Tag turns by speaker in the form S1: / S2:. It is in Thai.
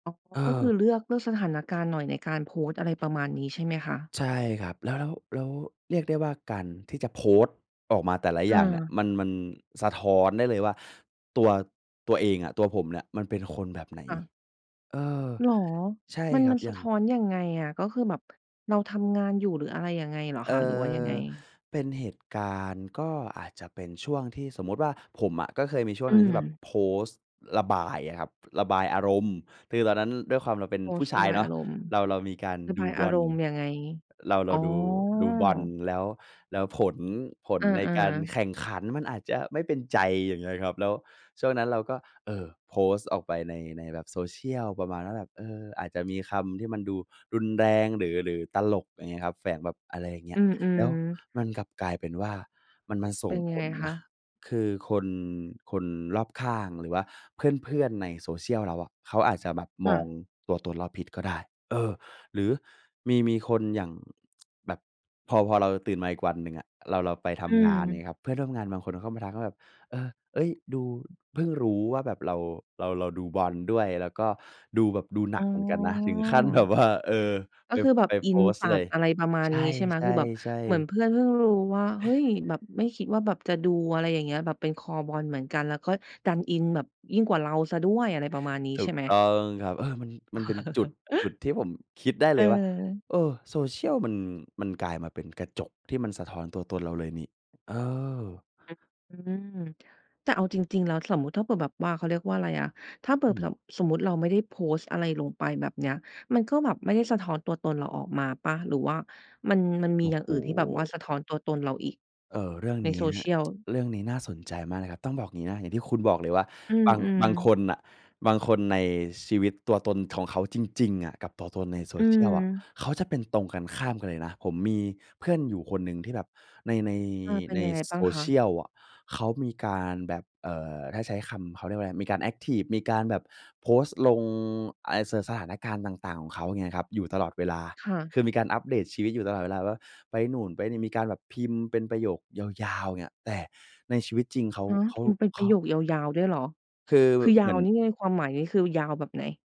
S1: อ๋อ
S2: เ
S1: ก็คื
S2: ออ
S1: อเลือก เลือกสถานการณ์หน่อยในการโพสต์ อะไรประมาณนี้ ใช่ไหมคะ?
S2: ใช่ครับ แล้ว ๆ ๆ เรียกได้ว่า การที่จะโพสต์ออกมาแต่ละอย่างเนี่ย
S1: เออ
S2: มัน มันสะท้อนได้เลยว่า ตัว ตัวเองอะ ตัวผมเนี่ยมันเป็นคนแบบไหน
S1: ค่ะ
S2: เออ
S1: เหรอ?
S2: ใช่
S1: มัน
S2: ครั
S1: มั
S2: บ
S1: น
S2: อ
S1: ส
S2: ย่
S1: ะ
S2: าง
S1: ท้อนยังไงอะ? ก็คือแบบเราทำงานอยู่ หรืออะไรยังไงเหรอ
S2: เอ
S1: คะ?
S2: ่
S1: หรือว่ายังไ
S2: อ
S1: ง?์
S2: เป็นเหตุการณ์ ก็อาจจะเป็นช่วงที่สมมติว่าผมอะ ก็เคยมีช่ว
S1: อ
S2: ง
S1: ื
S2: หนึ่งที่แบบ
S1: ม
S2: โพสต์ระบายอะครับ ระบายอารมณ์ คือ ตอนนั้นด้วยความ เราเป็น
S1: โพ
S2: ผู
S1: ส
S2: ้
S1: ต์
S2: ช
S1: ร
S2: า
S1: ะ
S2: ย
S1: บาย
S2: เนา
S1: อ
S2: ะ
S1: ารมณ์
S2: เรา เรามีการ
S1: ระ
S2: ด
S1: บ
S2: ู
S1: ายอ
S2: บ
S1: า
S2: อ
S1: ร
S2: ล
S1: มณ์ยังไง?
S2: เรา เร
S1: อ๋
S2: า
S1: อ
S2: ดู ดูบอลแล้ว แล้วผล ผล
S1: เออ
S2: ในการ
S1: ๆ
S2: แข่งขันมันอาจจะไม่เป็นใจ อย่างเงี้ยครับ แล้วช่วงนั้นเราก็ เอ่อ โพสต์ออกไปใน ในแบบ Social ประมาณว่าแบบ เออ อาจจะมีคำที่มันดูรุนแรงหรือ หรือตลก อย่างเงี้ยครับ แฝงแบบ อะไรอย่างเงี
S1: อ
S2: ้
S1: ื
S2: ย แล
S1: ม
S2: ้ว
S1: ๆ
S2: มันกลับกลายเป็นว่า มันมาส
S1: เป
S2: ่ง
S1: ็นยั
S2: ผ
S1: งไง
S2: ล
S1: ค
S2: น
S1: ะ?
S2: ะ คือคน คนรอบข้าง หรือว่าเพื่อน ๆ ใน Social เราอะ เขาอาจจะแบบ
S1: ค
S2: ม
S1: ่
S2: อง
S1: ะ
S2: ตัวตนเราผิดก็ได้ เออ หรือมี มีคนอย่าง แบบพอ พอเราตื่นมาอีกวันหนึ่งอะ เรา เราไปท
S1: อ
S2: ำงาน อย่างง
S1: ืม
S2: ี้ครับ เพื่อนร่วมงานบางคนเขาเข้ามาทักว่าแบบ เออ เฮ้ย ดู เพิ่งรู้ว่าแบบเรา เรา เราดูบอลด้วย แล้วก็ดูแบบดูห
S1: อ
S2: นั
S1: ๋
S2: กเหมือนกันนะ ถึงขั้น แบบ
S1: อ
S2: ว่า เออ
S1: ก็
S2: ไป
S1: คือ
S2: ฟ
S1: แบบ
S2: ไป
S1: อิ
S2: โพ
S1: น
S2: สต
S1: จ
S2: ์
S1: ั
S2: เล
S1: ด
S2: ย
S1: อะไรประมา
S2: ใ
S1: ณ
S2: ช
S1: นี้ ใช่ไหม? คือแบบ
S2: ่
S1: เหมือ
S2: ๆ
S1: น
S2: ๆ
S1: เพื่อนเพิ่งรู้ว่า เฮ้ย แบบไม่คิดว่าแบบจะดู อะไรอย่างเงี้ย แบบเป็นคอบอลเหมือนกัน แล้วก็ดันอินแบบยิ่งกว่าเราเสียด้วย อะไรประมาณนี้
S2: ถ
S1: ใ
S2: ู
S1: ช่
S2: ก
S1: ไหม?
S2: ต้องครับ เออ มัน มันเป็นจุด จุดที่ผมคิดได้เลยว่า
S1: เออ
S2: เออ Social มัน มันกลายมาเป็นกระจกที่มันสะท้อนตัวตนเราเลยนี่ เออ
S1: อือ อืม แต่เอาจริง ๆ แล้ว สมมุติถ้าเผื่อแบบว่า เขาเรียกว่าอะไรอะ ถ้าเผ
S2: อ
S1: ื่
S2: ื
S1: อแพล
S2: ม
S1: บ สมมุติเราไม่ได้โพสต์อะไรลงไปแบบเนี้ย มันก็แบบไม่ได้สะท้อนตัวตนเราออกมาเปล่า? หรือว่ามัน มันมี
S2: โอ้
S1: อย่าง
S2: โฮ
S1: อื่นที่แบบว่าสะท้อนตัวตนเราอีก
S2: เออ เรื่อง
S1: ใน
S2: เนี้ย
S1: Social
S2: เรื่องนี้น่าสนใจมากนะครับ ต้องบอกงี้นะ อย่างที่คุณบอกเลยว่า
S1: อื
S2: บาง
S1: ม
S2: บาง
S1: ๆ
S2: คนน่ะ บางคนในชีวิต ตัวตนของเขาจริง ๆ อะกับตัวตนใน
S1: อื
S2: Social อะ
S1: ม
S2: เขาจะเป็นตรงกันข้ามกันเลยนะ ผมมีเพื่อนอยู่คนหนึ่งที่แบบใน ใน
S1: อา เป็
S2: ใ
S1: น
S2: น
S1: ยังไงบ้างคะ?
S2: Social อะ เขามีการแบบ เอ่อ ถ้าใช้คำ เขาเรียกว่าอะไร มีการแอ็กทิฟ มีการแบบโพสต์ลงอะไร ส สถานการณ์ต่าง ๆ ของเขา เงี้ยครับ อยู่ตลอดเวลา
S1: ค่ะ
S2: คือมีการอัปเดตชีวิตอยู่ตลอดเวลาว่า ไปนู่นไปนี่ มีการแบบพิมพ์เป็นประโยคยาว ๆ อย่างเงี้ย แต่ในชีวิตจริง เขา
S1: ฮะ
S2: เข
S1: พ
S2: า
S1: ิมพ์เป็น
S2: เข
S1: ประ
S2: า
S1: โยคยาว ๆ ด้วยเหรอ?
S2: คือ
S1: คือย
S2: เห
S1: า
S2: มื
S1: ว
S2: อน
S1: นี่ ในความหมายนี้ คือยาวแบบไหน?